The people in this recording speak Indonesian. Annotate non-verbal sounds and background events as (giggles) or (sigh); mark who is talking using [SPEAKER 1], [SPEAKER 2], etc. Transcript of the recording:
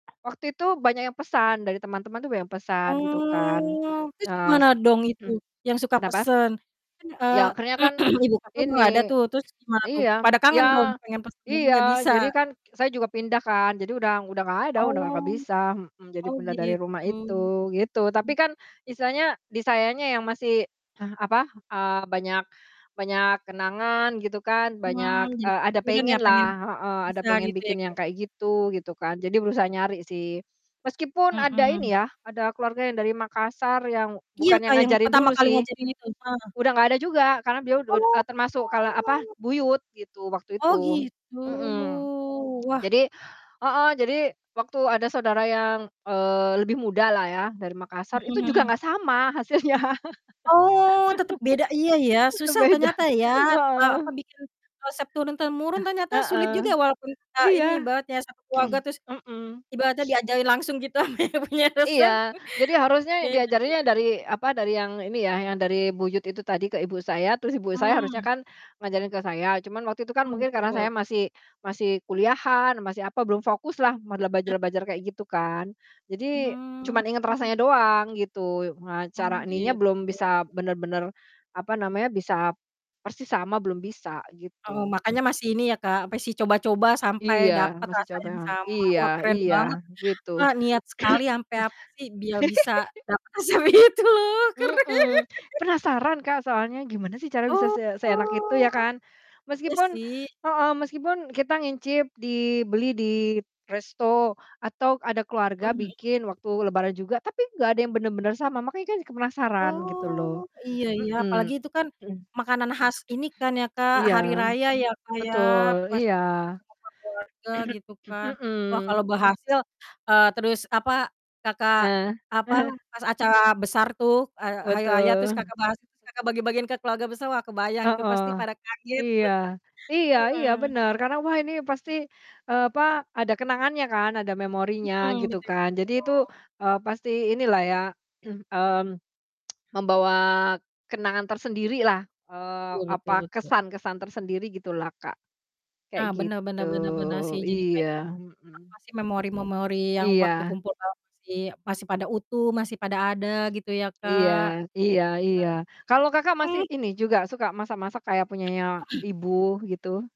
[SPEAKER 1] Waktu itu banyak yang pesan dari teman-teman tuh banyak pesan gitu kan
[SPEAKER 2] Oh, terus gimana
[SPEAKER 1] es
[SPEAKER 2] dong itu yang
[SPEAKER 1] (clears throat)
[SPEAKER 2] suka
[SPEAKER 1] kenapa?
[SPEAKER 2] pesen? Kan, eee,
[SPEAKER 1] Iya, akhirnya kan
[SPEAKER 2] (clears throat) ibu Kakak udah gak ada
[SPEAKER 1] ini
[SPEAKER 2] tuh, terus gimana tuh,
[SPEAKER 1] iya
[SPEAKER 2] pada
[SPEAKER 1] iya
[SPEAKER 2] kangen dong pengen pesen lagi
[SPEAKER 1] iya,
[SPEAKER 2] gak bisa?
[SPEAKER 1] jadi kan saya juga pindah kan. Jadi udah udah gak ada udah gak
[SPEAKER 2] Oh
[SPEAKER 1] bisa mhm, jadi
[SPEAKER 2] oh
[SPEAKER 1] pindah dari rumah
[SPEAKER 2] gitu,
[SPEAKER 1] itu gitu. Tapi
[SPEAKER 2] mhm.
[SPEAKER 1] kan istilahnya disayanya yang masih, (clears throat) apa, eee, banyak banyak kenangan gitu kan banyak,
[SPEAKER 2] Mhm, jadi
[SPEAKER 1] eee, ada
[SPEAKER 2] kepikiran ya
[SPEAKER 1] pengen lah
[SPEAKER 2] pengen
[SPEAKER 1] heeh, ada
[SPEAKER 2] bisa
[SPEAKER 1] pengen
[SPEAKER 2] gitu ya,
[SPEAKER 1] bikin yang
[SPEAKER 2] Kak?
[SPEAKER 1] kayak gitu, gitu kan, jadi berusaha nyari sih. Meskipun ada ini
[SPEAKER 2] Mhm.
[SPEAKER 1] yah, ada keluarga yang dari Makassar yang
[SPEAKER 2] Iya
[SPEAKER 1] bukan yang
[SPEAKER 2] Kak, yang
[SPEAKER 1] ngajarin
[SPEAKER 2] pertama
[SPEAKER 1] dulu
[SPEAKER 2] kali
[SPEAKER 1] sih,
[SPEAKER 2] ngajarin itu, heeh.
[SPEAKER 1] udah gak ada juga karena beliau ud e
[SPEAKER 2] Oh.
[SPEAKER 1] termasuk kalo, apa, buyut gitu waktu
[SPEAKER 2] Oh,
[SPEAKER 1] itu,
[SPEAKER 2] gitu,
[SPEAKER 1] mhm.
[SPEAKER 2] wah.
[SPEAKER 1] Jadi heeh, jadi waktu ada saudara yang, eee, lebih muda lah ya dari Makassar,
[SPEAKER 2] Mhm
[SPEAKER 1] itu juga
[SPEAKER 2] mhm.
[SPEAKER 1] gak sama hasilnya.
[SPEAKER 2] Oh, tetap beda iya ya,
[SPEAKER 1] (laughs) Udah
[SPEAKER 2] susah
[SPEAKER 1] beda,
[SPEAKER 2] ternyata ya, e apa,
[SPEAKER 1] heeh.
[SPEAKER 2] bikin resep turun temurun
[SPEAKER 1] Eh,
[SPEAKER 2] ternyata sulit
[SPEAKER 1] heeh.
[SPEAKER 2] juga ya walaupun kita
[SPEAKER 1] Iya.
[SPEAKER 2] ini banget ya, satu keluarga terus
[SPEAKER 1] (clears throat) Mhm.
[SPEAKER 2] ibaratnya
[SPEAKER 1] (sniffs)
[SPEAKER 2] diajarin langsung gitu sama yang punya resep.
[SPEAKER 1] Iya, jadi harusnya diajarin yang
[SPEAKER 2] (unintelligible)
[SPEAKER 1] dari, apa, dari yang ini ya, yang dari buyut itu tadi ke ibu saya, terus ibu saya harusnya
[SPEAKER 2] Mhm.
[SPEAKER 1] kan ngajarin ke saya, cuman waktu itu kan
[SPEAKER 2] Ah,
[SPEAKER 1] mungkin karena
[SPEAKER 2] betul.
[SPEAKER 1] saya masih masih kuliahan, masih, apa, belum fokus lah modal
[SPEAKER 2] Eh,
[SPEAKER 1] belajar-belajar kayak
[SPEAKER 2] iya.
[SPEAKER 1] gitu kan. Jadi, cuman
[SPEAKER 2] Hmm.
[SPEAKER 1] inget rasanya doang gitu, eee,
[SPEAKER 2] Oh,
[SPEAKER 1] cara ininya
[SPEAKER 2] gitu.
[SPEAKER 1] belum bisa bener-bener, apa namanya, bisa persis sama belum bisa
[SPEAKER 2] Oh,
[SPEAKER 1] gitu.
[SPEAKER 2] makanya masih ini ya Kak, masih coba-coba sampai
[SPEAKER 1] Iya,
[SPEAKER 2] dapet
[SPEAKER 1] masih
[SPEAKER 2] rasa
[SPEAKER 1] coba
[SPEAKER 2] yang sama,
[SPEAKER 1] iya
[SPEAKER 2] wah, keren
[SPEAKER 1] iya
[SPEAKER 2] banget.
[SPEAKER 1] gitu.
[SPEAKER 2] Kak niat sekali sampe, apa sih, biar bisa
[SPEAKER 1] (clears throat) (giggles)
[SPEAKER 2] dapet resep itu, keren.
[SPEAKER 1] Mhm,
[SPEAKER 2] (laughs)
[SPEAKER 1] penasaran Kak, soalnya, gimana sih cara bisa
[SPEAKER 2] Oh,
[SPEAKER 1] se seenak itu ya kan,
[SPEAKER 2] iya
[SPEAKER 1] meskipun
[SPEAKER 2] sih.
[SPEAKER 1] heeh, meskipun kita nyicip dibeli di resto atau ada keluarga
[SPEAKER 2] Mhm mhm.
[SPEAKER 1] bikin waktu Lebaran juga, tapi gak ada yang bener-bener sama, makanya kan penasaran gitu loh,
[SPEAKER 2] Oh, iya ya, apalagi
[SPEAKER 1] mhm.
[SPEAKER 2] itu kan
[SPEAKER 1] (clears throat)
[SPEAKER 2] makanan khas ini kan ya Kak,
[SPEAKER 1] Iya,
[SPEAKER 2] Hari Raya ya, Kak, ya
[SPEAKER 1] betul.
[SPEAKER 2] pas
[SPEAKER 1] Iya,
[SPEAKER 2] acara-acara ngumpul keluarga
[SPEAKER 1] (clears throat)
[SPEAKER 2] gitu kan.
[SPEAKER 1] mhm.
[SPEAKER 2] Wah, kalau berhasil, eee, terus, apa, Kakak,
[SPEAKER 1] Nah.
[SPEAKER 2] apa,
[SPEAKER 1] (chuckles)
[SPEAKER 2] pas acara besar tuh, e Hari Raya terus
[SPEAKER 1] Betul. Mhm.
[SPEAKER 2] Kakak, berhasil terus Kakak bagi-bagiin ke keluarga besar, wah kebayang tuh
[SPEAKER 1] Heeh,
[SPEAKER 2] pasti pada kaget,
[SPEAKER 1] iya,
[SPEAKER 2] (chuckles)
[SPEAKER 1] iya iya,
[SPEAKER 2] heeh.
[SPEAKER 1] bener, karena wah ini pasti, eee, apa, ada kenangannya kan ada memorinya
[SPEAKER 2] Mhm.
[SPEAKER 1] gitu kan. Jadi itu,
[SPEAKER 2] (unintelligible)
[SPEAKER 1] eee, pasti ini lah ya, (clears throat) mmm, (tsk) membawa kenangan tersendiri lah, eee,
[SPEAKER 2] Iya, betul
[SPEAKER 1] apa,
[SPEAKER 2] betul.
[SPEAKER 1] kesan-kesan tersendiri gitu lah Kak, kayak
[SPEAKER 2] Ah, bener
[SPEAKER 1] gitu,
[SPEAKER 2] bener bener bener sih, jadi kayak,
[SPEAKER 1] iya, mhm.
[SPEAKER 2] apa sih, memori-memori yang waktu
[SPEAKER 1] Iya.
[SPEAKER 2] kumpul, kalau masih masih pada utuh, masih pada ada, gitu ya
[SPEAKER 1] Iya
[SPEAKER 2] Kak?
[SPEAKER 1] iya iya, kalau Kakak,
[SPEAKER 2] Nah
[SPEAKER 1] masih
[SPEAKER 2] Mhm.
[SPEAKER 1] ini juga suka masak-masak kayak punyanya
[SPEAKER 2] (clears throat)
[SPEAKER 1] ibu gitu?